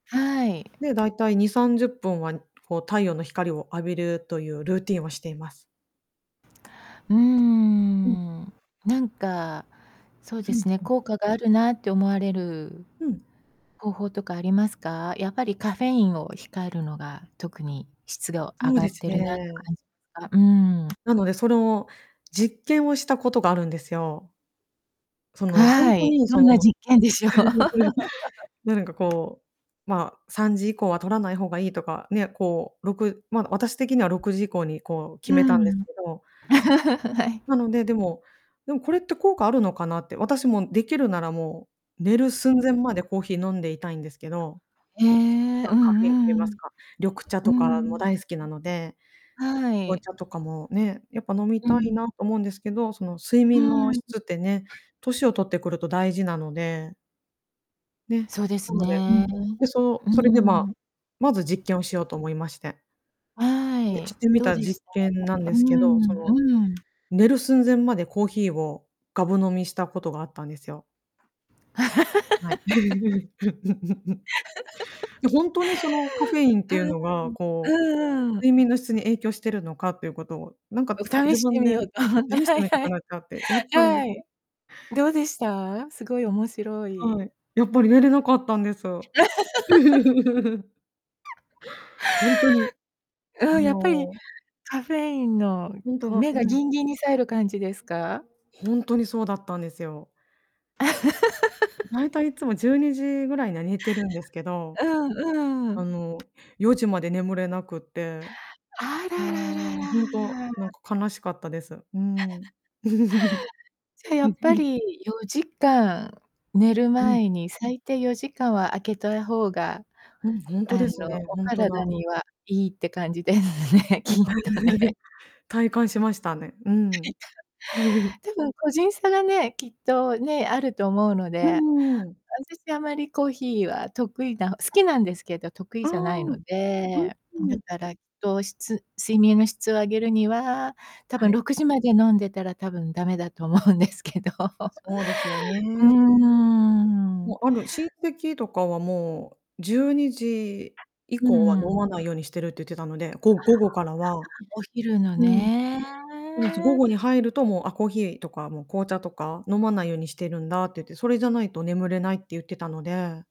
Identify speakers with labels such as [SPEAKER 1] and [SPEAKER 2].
[SPEAKER 1] はい。
[SPEAKER 2] で、だいたい2、30分はこう太陽の光を浴びるというルーティンをしています。
[SPEAKER 1] うー
[SPEAKER 2] うん。
[SPEAKER 1] ん。なんかそう
[SPEAKER 2] ふ
[SPEAKER 1] で
[SPEAKER 2] ん、
[SPEAKER 1] すね、
[SPEAKER 2] うん。
[SPEAKER 1] 効果があるなって思われる、
[SPEAKER 2] うん。
[SPEAKER 1] 方法とかありますか？やっぱりカフェインを控えるのが特に質ど上
[SPEAKER 2] そう
[SPEAKER 1] が
[SPEAKER 2] で
[SPEAKER 1] っ
[SPEAKER 2] す
[SPEAKER 1] てるなって
[SPEAKER 2] ね。
[SPEAKER 1] 感じすか？うーん。
[SPEAKER 2] なので、その実験をしたことがあるんですよ。その、ほん
[SPEAKER 1] は
[SPEAKER 2] と
[SPEAKER 1] い、
[SPEAKER 2] に
[SPEAKER 1] ど
[SPEAKER 2] そ
[SPEAKER 1] んな
[SPEAKER 2] の、
[SPEAKER 1] 実験でしょう。
[SPEAKER 2] なんか こう、ま、3時以降は取らない方がいいとか、ね、こう6ま、私的には6時以降にこう決
[SPEAKER 1] う
[SPEAKER 2] めたんです
[SPEAKER 1] ん。
[SPEAKER 2] けど
[SPEAKER 1] はい。
[SPEAKER 2] なので、でもでもこれって効果あるのかなって、私も出来るならもう、寝る寸前までコーヒー飲んでいたいんですけど。
[SPEAKER 1] へえ、
[SPEAKER 2] ま、
[SPEAKER 1] う
[SPEAKER 2] カフェインって
[SPEAKER 1] んうん
[SPEAKER 2] 言
[SPEAKER 1] う
[SPEAKER 2] います
[SPEAKER 1] ん。
[SPEAKER 2] か、緑茶
[SPEAKER 1] う
[SPEAKER 2] と
[SPEAKER 1] んう
[SPEAKER 2] か
[SPEAKER 1] んう
[SPEAKER 2] も
[SPEAKER 1] ん。ん、
[SPEAKER 2] 大好きなので
[SPEAKER 1] は
[SPEAKER 2] 紅
[SPEAKER 1] い。
[SPEAKER 2] 茶とかもね、やっぱ飲み
[SPEAKER 1] うん
[SPEAKER 2] た
[SPEAKER 1] う
[SPEAKER 2] い
[SPEAKER 1] ん。
[SPEAKER 2] なと思うんですけど、その睡
[SPEAKER 1] う
[SPEAKER 2] 眠
[SPEAKER 1] ん、
[SPEAKER 2] の
[SPEAKER 1] ん。
[SPEAKER 2] 質ってね、年を取ってくると大事なので。ね、
[SPEAKER 1] そうで
[SPEAKER 2] な
[SPEAKER 1] す
[SPEAKER 2] ので、う
[SPEAKER 1] ね。
[SPEAKER 2] ん、うそ、
[SPEAKER 1] うん
[SPEAKER 2] そ
[SPEAKER 1] う
[SPEAKER 2] れ
[SPEAKER 1] ん
[SPEAKER 2] でま、
[SPEAKER 1] うん。
[SPEAKER 2] まず実験をしようと思いまして
[SPEAKER 1] は
[SPEAKER 2] で、し
[SPEAKER 1] い、
[SPEAKER 2] てみ
[SPEAKER 1] どう
[SPEAKER 2] た
[SPEAKER 1] でし
[SPEAKER 2] 実
[SPEAKER 1] た？
[SPEAKER 2] 験なん
[SPEAKER 1] う
[SPEAKER 2] ですけど、そ
[SPEAKER 1] ん
[SPEAKER 2] の
[SPEAKER 1] うん。
[SPEAKER 2] 寝る寸前までコーヒーをがぶ飲みしたことがあったんですよ。はい。ほん とにそのカフェインっ
[SPEAKER 1] う
[SPEAKER 2] ていうのがこう、
[SPEAKER 1] ん、うーん。うんうんう
[SPEAKER 2] 睡
[SPEAKER 1] ん。
[SPEAKER 2] 眠の質に影響してるのかっていうことを、なんか
[SPEAKER 1] お試
[SPEAKER 2] 自
[SPEAKER 1] して
[SPEAKER 2] 分
[SPEAKER 1] み
[SPEAKER 2] で
[SPEAKER 1] ようと思って、
[SPEAKER 2] 試し
[SPEAKER 1] は
[SPEAKER 2] て
[SPEAKER 1] い
[SPEAKER 2] みた
[SPEAKER 1] は
[SPEAKER 2] く
[SPEAKER 1] い。
[SPEAKER 2] なっちゃって、やったんです。
[SPEAKER 1] はい。どうでした？すごい面白
[SPEAKER 2] は
[SPEAKER 1] い。
[SPEAKER 2] い、やっぱり寝れなかったんです。ほんとに、
[SPEAKER 1] あ
[SPEAKER 2] あ
[SPEAKER 1] あ、やっぱり
[SPEAKER 2] の
[SPEAKER 1] カフェインの
[SPEAKER 2] ほんと
[SPEAKER 1] こう、
[SPEAKER 2] だ、
[SPEAKER 1] 目が
[SPEAKER 2] うん。
[SPEAKER 1] ギンギンにさえる感じですか？
[SPEAKER 2] ほんとにそうだったんですよ。だいたいいつもじ ゅうにじぐらいには寝てるんですけど。
[SPEAKER 1] うんう
[SPEAKER 2] あ
[SPEAKER 1] ん。
[SPEAKER 2] の4時まで眠れなくて。
[SPEAKER 1] あ
[SPEAKER 2] う
[SPEAKER 1] ららら
[SPEAKER 2] ん、ほんと、なん
[SPEAKER 1] ら。
[SPEAKER 2] か悲しかったです。うん。
[SPEAKER 1] じゃや
[SPEAKER 2] うん
[SPEAKER 1] っ
[SPEAKER 2] う
[SPEAKER 1] ぱ
[SPEAKER 2] ん。
[SPEAKER 1] り、4時間、寝る
[SPEAKER 2] うん。
[SPEAKER 1] 前に、最低4時間は開けとや方が、
[SPEAKER 2] うん、ほん
[SPEAKER 1] あ
[SPEAKER 2] と
[SPEAKER 1] の、
[SPEAKER 2] ですね、
[SPEAKER 1] お
[SPEAKER 2] ほんとだ。
[SPEAKER 1] 体には良いって感じですね、きっとね。
[SPEAKER 2] 体感しましたね、うん。
[SPEAKER 1] でも個人差がね、きっとね、あると思うので、
[SPEAKER 2] う
[SPEAKER 1] あ
[SPEAKER 2] んうんうん。
[SPEAKER 1] たし、あまりコーヒーは得意な好きなんですけど、得意
[SPEAKER 2] あ
[SPEAKER 1] じゃないの
[SPEAKER 2] あ。
[SPEAKER 1] で、飲
[SPEAKER 2] う
[SPEAKER 1] め
[SPEAKER 2] ん。
[SPEAKER 1] たら糖質睡眠の質を上げるには、多
[SPEAKER 2] は
[SPEAKER 1] 分
[SPEAKER 2] い。
[SPEAKER 1] 6時まで飲んでたら多分駄目だと思うんですけど。
[SPEAKER 2] そうですよ
[SPEAKER 1] うー
[SPEAKER 2] ね。も
[SPEAKER 1] ん。
[SPEAKER 2] うあの、親戚とかはもう12時以
[SPEAKER 1] うー
[SPEAKER 2] 降は飲ま
[SPEAKER 1] ん。
[SPEAKER 2] ないようにしてるって言ってたので、
[SPEAKER 1] あ
[SPEAKER 2] ご
[SPEAKER 1] あ、
[SPEAKER 2] 午後からは
[SPEAKER 1] お昼の
[SPEAKER 2] うん。
[SPEAKER 1] ね。
[SPEAKER 2] そうです、午後に入ると、もう「あ、コーヒーとかもう紅茶とか飲まないようにしてるんだ」って言って「それじゃないと眠れない」って言ってたので。